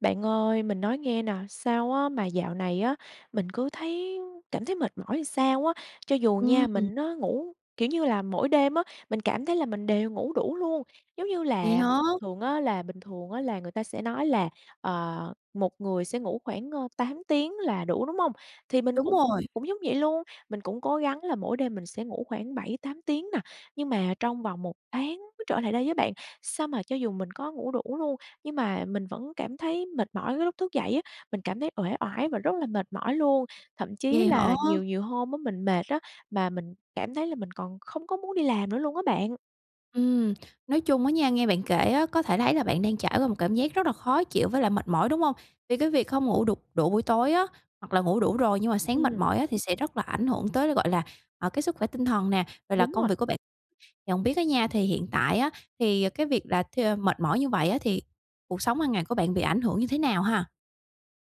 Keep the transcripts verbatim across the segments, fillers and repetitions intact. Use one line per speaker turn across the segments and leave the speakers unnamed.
Bạn ơi, mình nói nghe nè, sao á mà dạo này á mình cứ thấy cảm thấy mệt mỏi sao á. Cho dù
Ưm,
nha
ừm.
mình nó ngủ kiểu như là, mỗi đêm á, mình cảm thấy là mình đều ngủ đủ luôn, giống như
Vậy
là,
hả?
thường á là bình thường á là người ta sẽ nói là, ờ, một người sẽ ngủ khoảng, ơ, tám tiếng là đủ, đúng không? Thì mình
Đúng
cũng
rồi.
cũng giống vậy luôn, mình cũng cố gắng là mỗi đêm mình sẽ ngủ khoảng bảy, tám tiếng nè. Nhưng mà trong vòng một tháng mới trở lại đây á bạn, sao mà cho dù mình có ngủ đủ luôn, nhưng mà mình vẫn cảm thấy mệt mỏi cái lúc thức dậy á, mình cảm thấy uể oải và rất là mệt mỏi luôn. Thậm chí
Vậy hả?
là nhiều nhiều hôm á mình mệt á mà mình cảm thấy là mình còn không có muốn đi làm nữa luôn á bạn.
Ừm, nói chung á nha, nghe bạn kể á có thể thấy là bạn đang trải qua một cảm giác rất là khó chịu với lại mệt mỏi, đúng hông? Vì cái việc không ngủ đủ đủ buổi tối á, hoặc là ngủ đủ rồi nhưng mà sáng mệt
Ừm.
mỏi á thì sẽ rất là ảnh hưởng tới là, gọi là, ờ, cái sức khỏe tinh thần nè, rồi là
Đúng
công
rồi.
việc của bạn nhận biết á nha, thì hiện tại á thì cái việc là th mệt mỏi như vậy á thì cuộc sống hàng ngày của bạn bị ảnh hưởng như thế nào ha?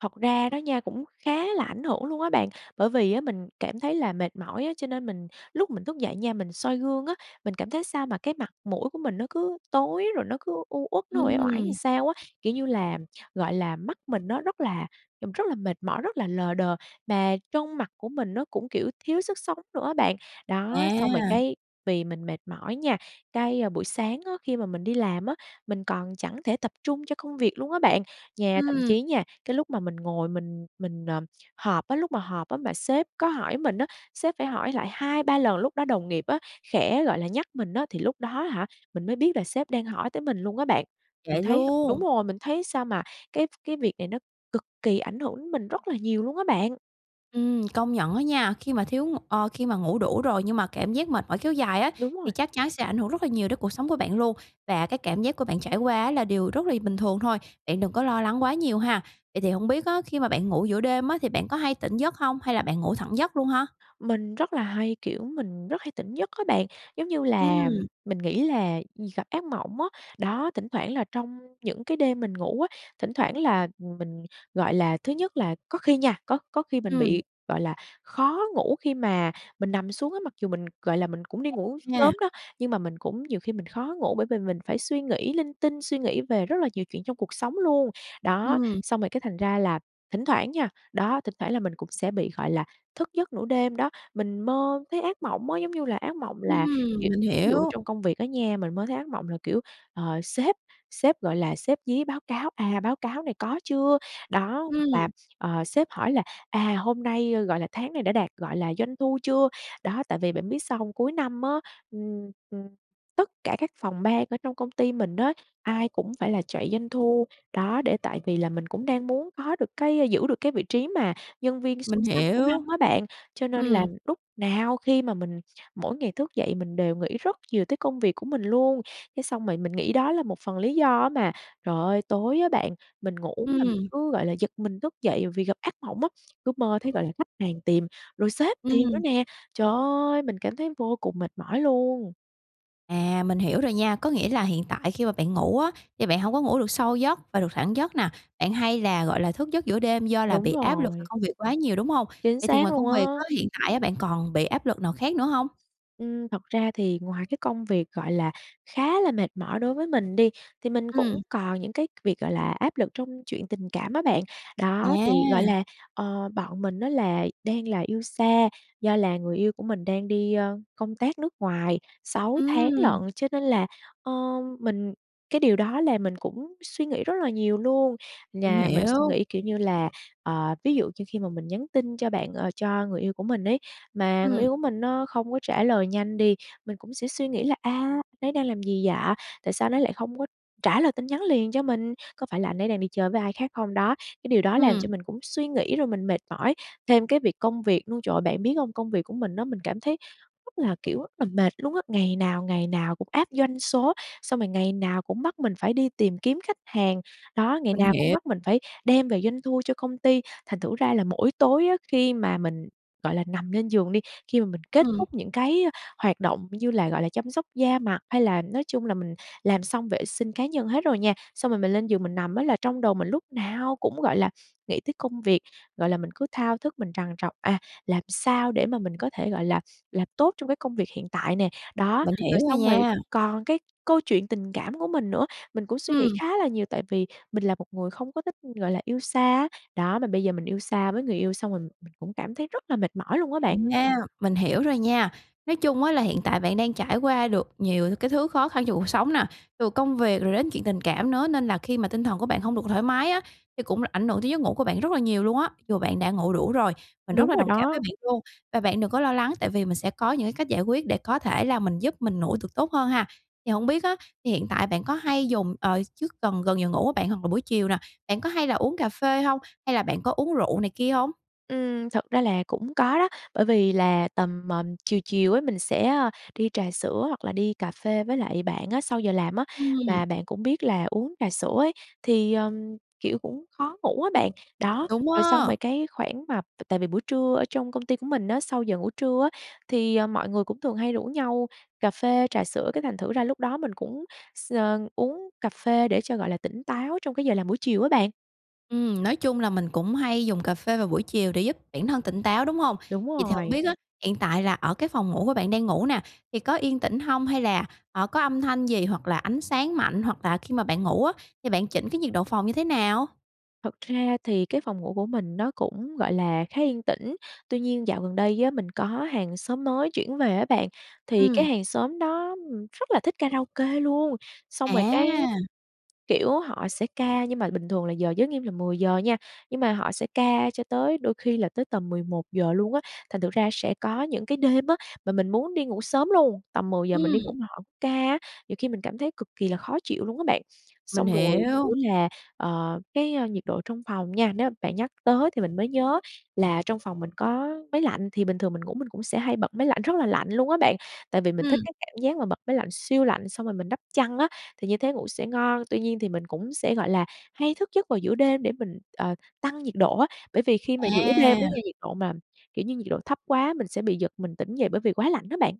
Thật ra đó nha, cũng khá là ảnh hưởng luôn á bạn, bởi vì á, mình cảm thấy là mệt mỏi á, cho nên mình lúc mình thúc dậy nha, mình soi gương á, mình cảm thấy sao mà cái mặt mũi của mình nó cứ tối rồi nó cứ u uất, nó uể oải ừn
Ừm.
sao á, kiểu như là, gọi là, mắt mình nó rất là nhìn rất là mệt mỏi, rất là lờ đờ, mà trông mặt của mình nó cũng, kiểu, thiếu sức sống nữa á bạn. Đó, xong rồi
À!
cái, vì mình mệt mỏi nha cái buổi sáng á, khi mà mình đi làm á, mình còn chẳng thể tập trung cho công việc luôn á bạn. Nha thậm
Ừm.
chí nha, cái lúc mà mình ngồi mình mình, ờ, họp á, lúc mà họp á mà sếp có hỏi mình á, sếp phải hỏi lại hai ba lần lúc đó đồng nghiệp á, khẽ, gọi là, nhắc mình á, thì lúc đó á hả, mình mới biết là sếp đang hỏi tới mình luôn á bạn. Mình
Vậy
thấy đúng
luôn?
rồi, mình thấy sao mà cái cái việc này nó cực kỳ ảnh hưởng đến mình rất là nhiều luôn á bạn.
Ừm, công nhận á nha, khi mà thiếu ng ơ, khi mà ngủ đủ rồi nhưng mà cảm giác mệt mỏi kéo dài á
Đúng
thì
rồi.
chắc chắn sẽ ảnh hưởng rất là nhiều đến cuộc sống của bạn luôn. Và cái cảm giác của bạn trải quá á là điều rất lỳ bình thường thôi. Bạn đừng có lo lắng quá nhiều ha. Vậy thì hổng biết á, khi mà bạn ngủ giữa đêm á thì bạn có hay tỉnh giấc hông, hay là bạn ngủ thẳng giấc luôn ha?
Mình rất là hay, kiểu, mình rất hay tỉnh giấc á bạn, giống như là,
Ừm.
mình nghĩ là gặp ác mộng á. Đó, thỉnh thoảng là trong những cái đêm mình ngủ á, thỉnh thoảng là, ừm, mình, gọi là, thứ nhất là có khi nha, có có khi mình
Ừm.
bị, gọi là, khó ngủ khi mà mình nằm xuống á, mặc dù mình, gọi là, mình cũng đi
[unintelligible]
ngủ
Nha.
sớm đó, nhưng mà mình cũng nhiều khi mình khó ngủ, bởi vì mình phải suy nghĩ linh tinh, suy nghĩ về rất là nhiều chuyện trong cuộc sống luôn. Đó,
Ừm.
xong rồi cái thành ra là thỉnh thoảng nha, đó, thỉnh thoảng là mình cũng sẽ bị, gọi là, thức giấc nửa đêm đó. Mình mơ thấy ác mộng á, giống như là, ác mộng là, kiểu,
Ừm, mình
ví dụ
hiểu.
trong công việc á nha, mình mơ thấy ác mộng là, kiểu, ờ, sếp sếp, gọi là, sếp dí báo cáo: "À, báo cáo này có chưa?" Đó, hoặc là,
Ừm.
ờ, sếp hỏi là "à, hôm nay", ơ, gọi là, "tháng này đã đạt", gọi là, "doanh thu chưa?" Đó, tại vì bạn biết sao hông? Cuối năm á, ừm, ừm, tất cả các phòng ban ở trong công ty mình á, ai cũng phải là chạy doanh thu, đó, để tại vì là mình cũng đang muốn có được cái giữ được cái vị trí mà nhân viên
Mình
xuất sắc của
hiểu.
năm á bạn, cho nên là
Ừm.
lúc nào khi mà mình mỗi ngày thức dậy mình đều nghĩ rất nhiều tới công việc của mình luôn. Cái xong rồi mình nghĩ đó là một phần lý do á mà, trời ơi, tối á bạn, mình ngủ mà mình
Ừm.
cứ, gọi là, giật mình thức dậy vì gặp ác mộng á, cứ mơ thấy, gọi là, khách hàng tìm rồi sếp tìm nữa
Ừm.
nè. Trời ơi! Mình cảm thấy vô cùng mệt mỏi luôn!
À, mình hiểu rồi nha, có nghĩa là hiện tại khi mà bạn ngủ á, thì bạn hông có ngủ được sâu giấc và được thẳng giấc nà, bạn hay là, gọi là, thức giấc giữa đêm do là
Đúng
bị áp lực về
rồi.
công việc quá nhiều, đúng hông?
Chính
Vậy thì
xác
ngoài
luôn
công
á.
việc á, hiện tại á bạn còn bị áp lực nào khác nữa hông?
Ừm, thật ra thì ngoài cái công việc, gọi là, khá là mệt mỏi đối với mình đi, thì mình cũng
Ừm.
còn những cái việc, gọi là, áp lực trong chuyện tình cảm á bạn. Đó, thì, gọi
À.
là, ờ, bọn mình á là đang là yêu xa, do là người yêu của mình đang đi, a, công tác nước ngoài sáu tháng
Ừm.
lận, cho nên là, ơ, mình cái điều đó làm mình cũng suy nghĩ rất là nhiều luôn.
Mình
Nhà mình suy
hiểu.
nghĩ, kiểu như là, ờ, ví dụ như khi mà mình nhắn tin cho bạn ờ, cho người yêu của mình ấy, mà người
Ừm.
yêu của mình nó không có trả lời nhanh đi, mình cũng sẽ suy nghĩ là "A, anh ấy đang làm gì vậy? Tại sao anh ấy lại không có trả lời tin nhắn liền cho mình? Có phải là anh ấy đang đi chơi với ai khác không đó?" Cái điều đó làm cho
Ừm.
mình cũng suy nghĩ rồi mình mệt mỏi. Thêm cái việc công việc luôn, trời ơi! Bạn biết hông? Công việc của mình á, mình cảm thấy rất là, kiểu, rất là mệt luôn á, ngày nào, ngày nào cũng áp doanh số, xong rồi ngày nào cũng bắt mình phải đi tìm kiếm khách hàng, đó, ngày
Mình
nào cũng
hiểu.
bắt mình phải đem về doanh thu cho công ty. Thành thử ra là mỗi tối á, khi mà mình, gọi là, nằm lên giường đi, khi mà mình kết
Ừm.
thúc những cái hoạt động như là, gọi là, chăm sóc da mặt, hay là nói chung là mình làm xong vệ sinh cá nhân hết rồi nha. Xong rồi mình lên giường mình nằm á là trong đầu mình lúc nào cũng, gọi là, nghĩ tới công việc, gọi là, mình cứ thao thức mình trằn trọc: "À, làm sao để mà mình có thể, gọi là, làm tốt trong cái công việc hiện tại?" nè. Đó,
Mình
rồi
hiểu rồi
xong rồi
nha.
còn cái câu chuyện tình cảm của mình nữa, mình cũng suy nghĩ
Ừm.
khá là nhiều, tại vì mình là một người không có thích, gọi là, yêu xa á, đó, mà bây giờ mình yêu xa với người yêu, xong rồi mình cũng cảm thấy rất là mệt mỏi luôn á bạn.
À, mình hiểu rồi nha. Nói chung á là hiện tại bạn đang trải qua được nhiều cái thứ khó khăn trong cuộc sống nà, từ công việc rồi đến chuyện tình cảm nữa nên là khi mà tinh thần của bạn hông được thoải mái á, thì cũng là ảnh hưởng tới giấc ngủ của bạn rất là nhiều luôn á, dù bạn đã ngủ đủ rồi, mình rất
Đúng
là
rồi
đồng cảm với
đó.
bạn luôn. Và bạn đừng có lo lắng, tại vì mình sẽ có những cái cách giải quyết để có thể là mình giúp mình ngủ tược tốt hơn ha. Thì hổng biết á, thì hiện tại bạn có hay dùng ờ, trước gần gần giờ ngủ á bạn hoặc là buổi chiều nà, bạn có hay là uống cà phê hông? Hay là bạn có uống rượu này kia hông?
Ừm, thật ra là cũng có đó, bởi vì là tầm, ờm, chiều chiều ấy mình sẽ, a, đi trà sữa hoặc là đi cà phê với lại bạn á, sau giờ làm á,
Ừm.
và bạn cũng biết là uống trà sữa ấy, thì, ờm, kiểu, cũng khó ngủ á bạn. Đó,
Đúng
rồi xong
á.
rồi cái khoảng mà t tại vì buổi trưa ở trong công ty của mình á, sau giờ ngủ trưa á, thì, à, mọi người cũng thường hay rủ nhau cà phê, trà sữa, cái thành thử ra lúc đó mình cũng x ờ, uống cà phê để cho, gọi là, tỉnh táo trong cái giờ làm buổi chiều á bạn.
Ừm, nói chung là mình cũng hay dùng cà phê vào buổi chiều để giúp bản thân tỉnh táo, đúng hông?
Đúng
Vậy thì hổng
rồi.
biết á, hiện tại là ở cái phòng ngủ của bạn đang ngủ nà, thì có yên tĩnh hông hay là, ờ, có âm thanh gì, hoặc là ánh sáng mạnh, hoặc là khi mà bạn ngủ á thì bạn chỉnh cái nhiệt độ phòng như thế nào?
Thật ra thì cái phòng ngủ của mình nó cũng, gọi là, khá yên tĩnh. Tuy nhiên dạo gần đây á mình có hàng xóm mới chuyển về á bạn, thì cái
Ừm.
hàng xóm đó, ừm, rất là thích karaoke luôn, xong rồi cái,
À!
kiểu, họ sẽ ca nhưng mà bình thường là giờ giới nghiêm là mười giờ nha, nhưng mà họ sẽ ca cho tới đôi khi là tới tầm mười một giờ luôn á. Thành thử ra sẽ có những cái đêm á, mà mình muốn đi ngủ sớm luôn, tầm mười giờ mình đi ngủ,
Ừm.
mà họ ca á nhiều khi mình cảm thấy cực kì là khó chịu luôn á bạn.
Mình
Xong rồi, kiểu
hiểu.
là, ờ, cái nhiệt độ trong phòng nha, nếu mà bạn nhắc tới thì mình mới nhớ là trong phòng mình có máy lạnh, thì bình thường mình ngủ mình cũng sẽ hay bật máy lạnh rất là lạnh luôn á bạn. Tại vì mình thích
Ừm.
cái cảm giác mà bật máy lạnh siêu lạnh, xong rồi mình đắp chăn á, thì như thế ngủ sẽ ngon. Tuy nhiên thì mình cũng sẽ, gọi là, hay thức giấc vào giữa đêm để mình, ờ, tăng nhiệt độ á, bởi vì khi mà giữa đêm á nha,
À.
nhiệt độ mà, kiểu như, nhiệt độ thấp quá, mình sẽ bị giật mình tỉnh dậy bởi vì quá lạnh á bạn.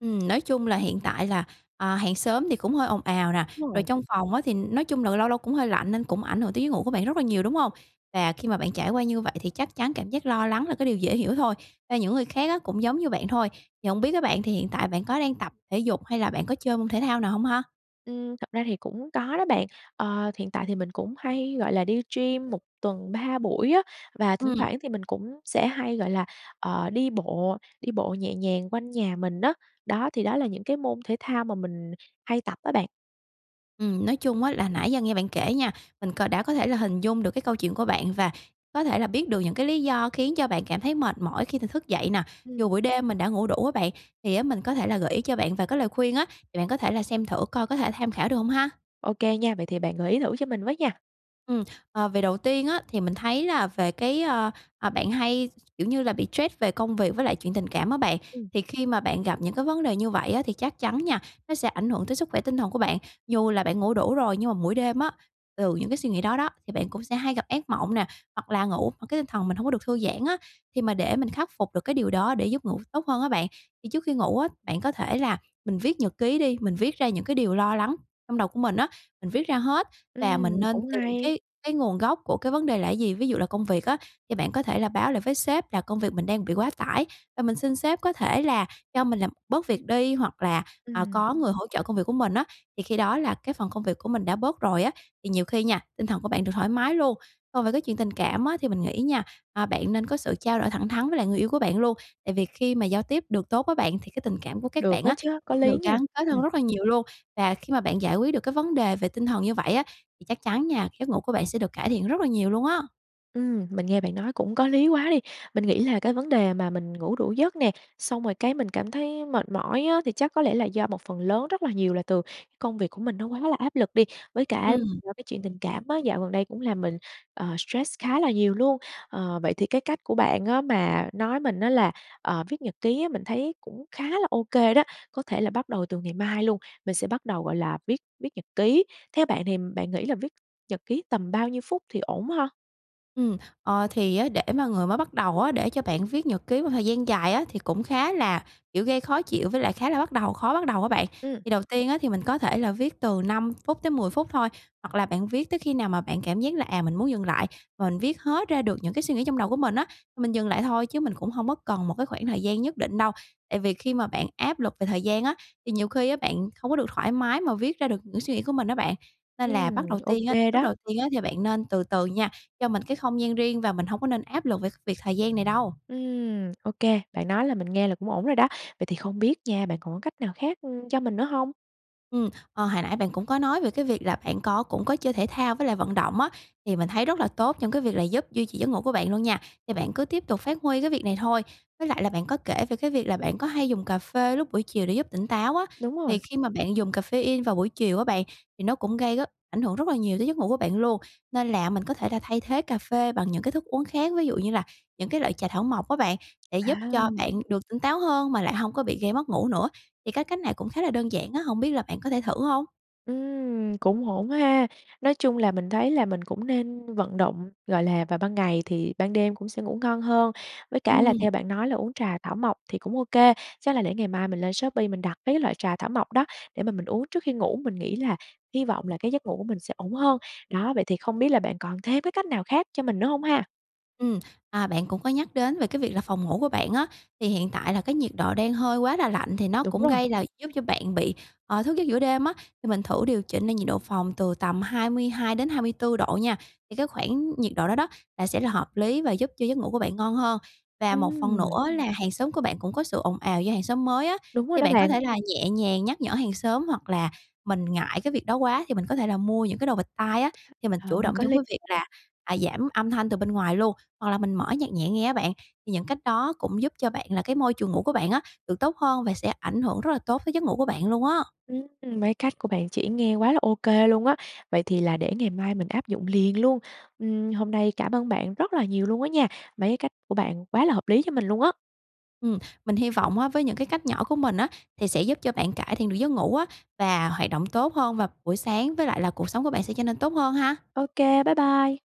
Ừm, nói chung là hiện tại là, ờ, hàng xóm thì cũng hơi ồn ào nè.
Đúng
Rồi
rồi.
trong phòng á, thì nói chung là lâu lâu cũng hơi lạnh nên cũng ảnh hưởng tới giấc ngủ của bạn rất là nhiều, đúng hông? Và khi mà bạn trải qua như vậy, thì chắc chắn cảm giác lo lắng là cái điều dễ hiểu thôi. Và những người khác á, cũng giống như bạn thôi. Thì hổng biết á bạn thì hiện tại bạn có đang tập thể dục hay là bạn có chơi môn thể thao nào hông ha?
Ừm, thật ra thì cũng có đó bạn. Ờ, hiện tại thì mình cũng hay, gọi là, đi gym một tuần ba buổi á. Và thỉnh
Ừm.
thoảng thì mình cũng sẽ hay, gọi là, ờ, đi bộ, đi bộ nhẹ nhàng quanh nhà mình á. Đó, thì đó là những cái môn thể thao mà mình hay tập á bạn.
Ừm, nói chung á, là nãy giờ nghe bạn kể nha, mình cò đã có thể là hình dung được cái câu chuyện của bạn, và có thể là biết được những cái lý do khiến cho bạn cảm thấy mệt mỏi khi th thức dậy nè, dù
Ừm.
buổi đêm mình đã ngủ đủ á bạn. Thì á, mình có thể là gợi ý cho bạn vài cái lời khuyên á, thì bạn có thể là xem thử coi có thể tham khảo được không ha?
Ok nha, vậy thì bạn gợi ý thử cho mình với nha.
Ừm, ờ, về đầu tiên á, thì mình thấy là về cái, ơ, ờ, bạn hay, kiểu như là, bị trét về công việc với lại chuyện tình cảm á bạn.
Ừm.
Thì khi mà bạn gặp những cái vấn đề như vậy á, thì chắc chắn nha, nó sẽ ảnh hưởng tới sức khỏe tinh thần của bạn. Dù là bạn ngủ đủ rồi nhưng mà mỗi đêm á, từ những cái suy nghĩ đó đó, thì bạn cũng sẽ hay gặp ác mộng nè, hoặc là ngủ mà cái tinh thần mình hông có được thư giãn á. Thì mà để mình khắc phục được cái điều đó để giúp ngủ tốt hơn á bạn, thì trước khi ngủ á, bạn có thể là mình viết nhật ký đi, mình viết ra những cái điều lo lắng trong đầu của mình á. Mình viết ra hết và mình
Ừm,
nên
cũng
tìm
hay.
cái cái nguồn gốc của cái vấn đề là gì? Ví dụ là công việc á, thì bạn có thể là báo lại với sếp là công việc mình đang bị quá tải, và mình xin sếp có thể là cho mình làm bớt việc đi, hoặc là, ờ,
Ừm.
có người hỗ trợ công việc của mình á. Thì khi đó là cái phần công việc của mình đã bớt rồi á, thì nhiều khi nha, tinh thần của bạn được thoải mái luôn. Còn về cái chuyện tình cảm á, thì mình nghĩ nha, à, bạn nên có sự trao đổi thẳng thắn với lại người yêu của bạn luôn. Tại vì khi mà giao tiếp được tốt với bạn, thì cái tình cảm của các
Được
bạn
á
á,
chớ, có
sẽ
lý
được
nha.
gắn kết hơn
Ừm.
rất là nhiều luôn. Và khi mà bạn giải quyết được cái vấn đề về tinh thần như vậy á, thì chắc chắn nha, giấc ngủ của bạn sẽ được cải thiện rất là nhiều luôn á.
Ừm, mình nghe bạn nói cũng có lý quá đi. Mình nghĩ là cái vấn đề mà mình ngủ đủ giấc nè, xong rồi cái mình cảm thấy mệt mỏi á, thì chắc có lẽ là do một phần lớn rất là nhiều là từ cái công việc của mình nó quá là áp lực đi. Với cả
Ừm.
do cái chuyện tình cảm á, dạo gần đây cũng làm mình, ờ, stress khá là nhiều luôn. Ờ, vậy thì cái cách của bạn á mà nói mình á, là, ờ, viết nhật ký á, mình thấy cũng khá là ô kê đó. Có thể là bắt đầu từ ngày mai luôn, mình sẽ bắt đầu, gọi là, viết viết nhật ký. Theo bạn thì bạn nghĩ là viết nhật ký tầm bao nhiêu phút thì ổn ha?
Ừm, ờ, thì á, để mà người mới bắt đầu á, để cho bạn viết nhật ký một thời gian dài á, thì cũng khá là, kiểu, gây khó chịu với lại khá là bắt đầu khó bắt đầu á bạn.
Ừm.
Thì đầu tiên á, thì mình có thể là viết từ năm phút tới mười phút thôi. Hoặc là bạn viết tới khi nào mà bạn cảm giác là, à, mình muốn dừng lại và mình viết hết ra được những cái suy nghĩ trong đầu của mình á, thì mình dừng lại thôi. Chứ mình cũng hông có cần một cái khoảng thời gian nhất định đâu. Tại vì khi mà bạn áp lực về thời gian á, thì nhiều khi á, bạn không có được thoải mái mà viết ra được những suy nghĩ của mình á bạn. Nên là bắt
Ừm,
đầu
ô
tiên á
kê
lúc
đó.
đầu tiên á, thì bạn nên từ từ nha, cho mình cái không gian riêng và mình hông có nên áp lực về việc thời gian này đâu.
Ừm, ô kê, bạn nói là mình nghe là cũng ổn rồi đó. Vậy thì không biết nha, bạn còn có cách nào khác, ưm, cho mình nữa hông?
Ừm, ờ, hồi nãy bạn cũng có nói về cái việc là bạn có cũng có chơi thể thao với lại vận động á, thì mình thấy rất là tốt trong cái việc là giúp duy trì giấc ngủ của bạn luôn nha, thì bạn cứ tiếp tục phát huy cái việc này thôi. Với lại là bạn có kể về cái việc là bạn có hay dùng cà phê lúc buổi chiều để giúp tỉnh táo á,
Đúng
thì
rồi.
khi mà bạn dùng caffeine vào buổi chiều á bạn, thì nó cũng gây rất ảnh hưởng rất là nhiều tới giấc ngủ của bạn luôn. Nên là mình có thể là thay thế cà phê bằng những cái thức uống khác, ví dụ như là những cái loại trà thảo mộc á bạn, để giúp cho
À!
bạn được tỉnh táo hơn mà lại hông có bị gây mất ngủ nữa. Thì cái cách này cũng khá là đơn giản á, hổng biết là bạn có thể thử hông?
Ừm, cũng ổn á ha. Nói chung là mình thấy là mình cũng nên vận động, gọi là, vào ban ngày thì ban đêm cũng sẽ ngủ ngon hơn, với cả là
Ừm.
theo bạn nói là uống trà thảo mộc thì cũng ô kê, chắc là để ngày mai mình lên Shopee mình đặt mấy cái loại trà thảo mộc đó để mà mình uống trước khi ngủ, mình nghĩ là hy vọng là cái giấc ngủ của mình sẽ ổn hơn. Đó, vậy thì không biết là bạn còn thêm cái cách nào khác cho mình nữa hông ha?
Ừm, à, bạn cũng có nhắc đến về cái việc là phòng ngủ của bạn á, thì hiện tại là cái nhiệt độ đang hơi quá là lạnh thì nó
Đúng
cũng
rồi.
gây là giúp cho bạn bị, ờ, thức giấc giữa đêm á thì mình thử điều chỉnh lại nhiệt độ phòng từ tầm hai mươi hai đến hai mươi tư độ nha, thì cái khoảng nhiệt độ đó đó là sẽ là hợp lý và giúp cho giấc ngủ của bạn ngon hơn. Và một phần
Ừm.
nữa là hàng xóm của bạn cũng có sự ồn ào do hàng xóm mới á,
Đúng rồi
thì
đó
bạn có
bạn.
thể là nhẹ nhàng nhắc nhở hàng xóm, hoặc là mình ngại cái việc đó quá thì mình có thể là mua những cái đồ bịt tai á, thì mình
Ờ,
chủ động
có
trong
lý
cái việc
[unintelligible]
là, à, giảm âm thanh từ bên ngoài luôn, hoặc là mình mở nhạc nhẹ nghe á bạn. Thì những cách đó cũng giúp cho bạn là cái môi trường ngủ của bạn á được tốt hơn và sẽ ảnh hưởng rất là tốt tới giấc ngủ của bạn luôn á.
Ừm, mấy cách của bạn chỉ nghe quá là ô kê luôn á, vậy thì là để ngày mai mình áp dụng liền luôn. Ừm, hôm nay cảm ơn bạn rất là nhiều luôn á nha, mấy cái cách của bạn quá là hợp lý cho mình luôn á.
Ừm, mình hy vọng á với những cái cách nhỏ của mình á thì sẽ giúp cho bạn cải thiện được giấc ngủ á và hoạt động tốt hơn vào buổi sáng, với lại là cuộc sống của bạn sẽ trở nên tốt hơn ha.
Ô kê, bye bye.